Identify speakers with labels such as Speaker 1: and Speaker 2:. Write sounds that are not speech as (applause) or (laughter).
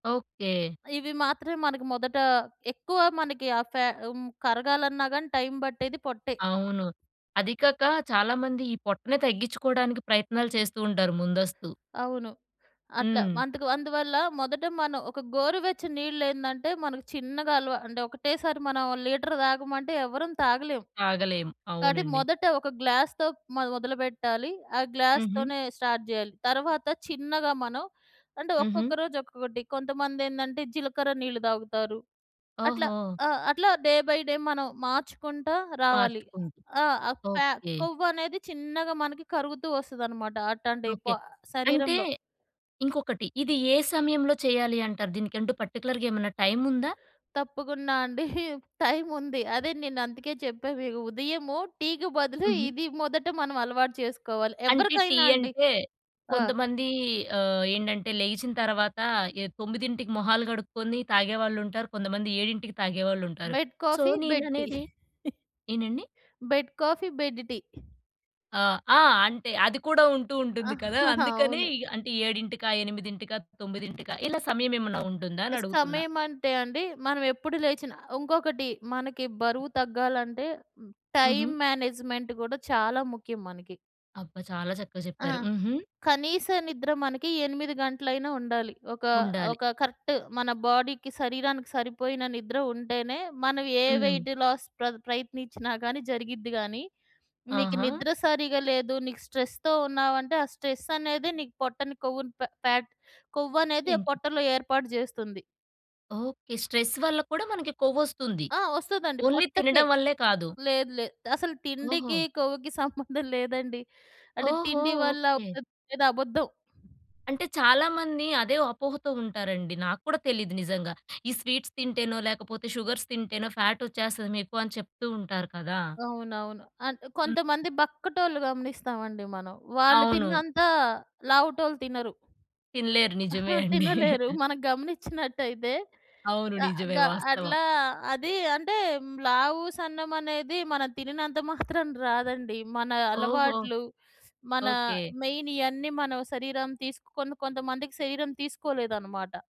Speaker 1: Okay.
Speaker 2: ఇవి మాత్రమే మనకి మొదట ఎక్కువ మనకి ఆ ఫ్యా హ్మ్. కరగాలన్నాగాని టైం బట్టేది పొట్టే.
Speaker 1: అవును. అదీకాక, చాలామంది ఈ పొట్టనే తగ్గిచ్చుకోడానికి ప్రయత్నాలు చేస్తూ ఉంటారు ముందస్తు.
Speaker 2: అవును. అట్లా.
Speaker 1: హ్మ్.
Speaker 2: అందుకు అందువల్ల మొదట మనం ఒక గోరు వెచ్చని నీళ్ళేందంటే, మనకి చిన్నగా అలవా అంటే, ఒకటేసారి మనం లీటర్ తాగమంటే ఎవ్వరం తాగలేం.
Speaker 1: తాగలేం.
Speaker 2: కాబట్టి
Speaker 1: అవునండి.
Speaker 2: మొదట ఒక గ్లాస్‌తో మొద మొదలుపెట్టాలి. ఆ గ్లాస్‌
Speaker 1: హుహు.
Speaker 2: తోనే స్టార్ట్ జేయాలి. తరవాత చిన్నగా మనం అంటే,
Speaker 1: హుహు.
Speaker 2: ఒక్కొక్క రోజు ఒక్కొక్కటి. కొంతమందేందంటే, జీలకర్ర నీళ్లు దాగుతారు. అట్లా.
Speaker 1: ఓహో!
Speaker 2: ఆ! అట్లా డే బై డే మనం మార్చుకుంటా రావాలి.
Speaker 1: మార్చుకుంటు.
Speaker 2: ఆ! ఆ ఫ్యా
Speaker 1: ఓకే.
Speaker 2: కొవ్వనేది చిన్నగా మనకి కరుగుతూ వస్తదనమాట అట్టాంటి
Speaker 1: ఓకే.
Speaker 2: పొ
Speaker 1: అంటే,
Speaker 2: శరీరంలో.
Speaker 1: ఇంకొకటి. ఇది ఏ సమయంలో చేయాలి అంటారు? దీనికంటూ పర్టిక్యులర్‌గా ఏమన్నా టైముందా?
Speaker 2: తప్పకుండా అండి. (chuckles) టైముంది. అదే, నేనందుకే చెప్పా మీకు. ఉదయము టీ‌కి బదులు,
Speaker 1: హుహు.
Speaker 2: ఇది మొదట మనం అలవాటు చేసుకోవాలి.
Speaker 1: అంటే, టీ
Speaker 2: ఎవ్వరికైనా అండి.
Speaker 1: అంటే,
Speaker 2: ఆ!
Speaker 1: కొంతమందీ ఆహ్, ఏంటంటే, లెగిచిన తరవాత, ఏ 9కి మొహాలు కడుక్కొని తాగేవాళ్లుంటారు. కొంతమంది 7కి తాగేవాళ్లుంటారు.
Speaker 2: Bed
Speaker 1: so,
Speaker 2: coffee, bed tea.
Speaker 1: నేననేది
Speaker 2: (chuckles)
Speaker 1: ఏంటండి?
Speaker 2: Bed coffee bed tea. (chuckles)
Speaker 1: ఆహ్, ఆ! అంటే, అది కూడా ఉంటూ ఉంటుంది కదా!
Speaker 2: (chuckles)
Speaker 1: అందుకని
Speaker 2: అవును.
Speaker 1: అంటే 7కా, 8కా, 9కా? ఇలా సమయమేమన్నా ఉంటుందా
Speaker 2: ఆహ్,
Speaker 1: అనడుగుతున్నా?
Speaker 2: సమయం అంటే అండి, మనవెప్పుడు లేచినా ఉంకొకటి, మనకి బరువు తగ్గాలంటే టైం
Speaker 1: హుహు.
Speaker 2: మేనేజ్‌మెంట్ కూడా చాలా ముఖ్యం మనకి.
Speaker 1: అబ్బ! చాలా చక్కా
Speaker 2: ఆ!
Speaker 1: చెప్పారు. హుహు.
Speaker 2: కనీస నిద్ర మనకి 8 గంటలైనా ఉండాలి. ఒకా
Speaker 1: ఉండాలి.
Speaker 2: ఒక కరెక్ట్ మన బోడీకి, శరీరానికి సరిపోయిన నిద్ర ఉంటేనే, మనం ఏ
Speaker 1: హ్మ్.
Speaker 2: వెయిట్‌లాస్ ప్రద్ ప్రయత్నించినా కానీ జరిగిద్ది గానీ, నీకు
Speaker 1: ఆహా!
Speaker 2: నిద్ర సరిగా లేదు. నీకు స్ట్రెస్‌తో ఉన్నావంటే ఆ స్ట్రెస్ అనేదే నీకు పొట్టని కొవ్వుని పె ఫ్యాట్ కొవ్వనేది ఆ
Speaker 1: ఎంకి
Speaker 2: పొట్టలో ఏర్పాటు చేస్తుంది.
Speaker 1: ఓకే. స్ట్రెస్ వల్ల కూడా మనకి కొవ్వొస్తుంది.
Speaker 2: ఆ! వస్తదండి,
Speaker 1: ఓన్లీ
Speaker 2: పొట్టకే.
Speaker 1: తినడం వల్లే కాదు.
Speaker 2: లేదు. లేదు. అసలు తిండికి,
Speaker 1: ఓహో!
Speaker 2: కొవ్వుకి సంబంధం లేదండి. అది
Speaker 1: ఓహో!
Speaker 2: తిండి వల్ల
Speaker 1: ఓకే.
Speaker 2: వచ్ వచ్చేది అబద్ధం.
Speaker 1: అంటే, చాలా మంది అదే అపోహతో ఉంటారండి. నాకు కూడా తెలీదు నిజంగా. ఈ స్వీట్స్ తింటేనో, లేకపోతే షుగర్స్ తింటేనో ఫ్యాట్ వచ్చేస్తది మీకు అని చెప్తూ ఉంటారు కదా!
Speaker 2: అవునవును. అంటే
Speaker 1: హ్మ్.
Speaker 2: కొంతమంది బక్కటోళ్ళు గమనిస్తావండి మనం. వాళ్ళు
Speaker 1: అవును.
Speaker 2: తిన్నంత, లావుటోళ్ళు తినరు.
Speaker 1: తినలేరు. నిజమే
Speaker 2: అహ!
Speaker 1: అండి.
Speaker 2: తినలేరు.
Speaker 1: (chuckles)
Speaker 2: మనం గమనిచ్చినట్టయితే,
Speaker 1: అవును.
Speaker 2: అ
Speaker 1: నిజవే.
Speaker 2: గ
Speaker 1: వాస్తవం.
Speaker 2: అట్లా అది అంటే, లావు, సన్నమనేది మనం తినినంత మాత్రం రాదండి. మన
Speaker 1: ఓహో!
Speaker 2: అలవాట్లు, మన
Speaker 1: ఓకే.
Speaker 2: మెయిన్ ఇయన్నీ మన శరీరం తీసుకొని కొంతమందికి శరీరం తీసుకోలేదనమాట.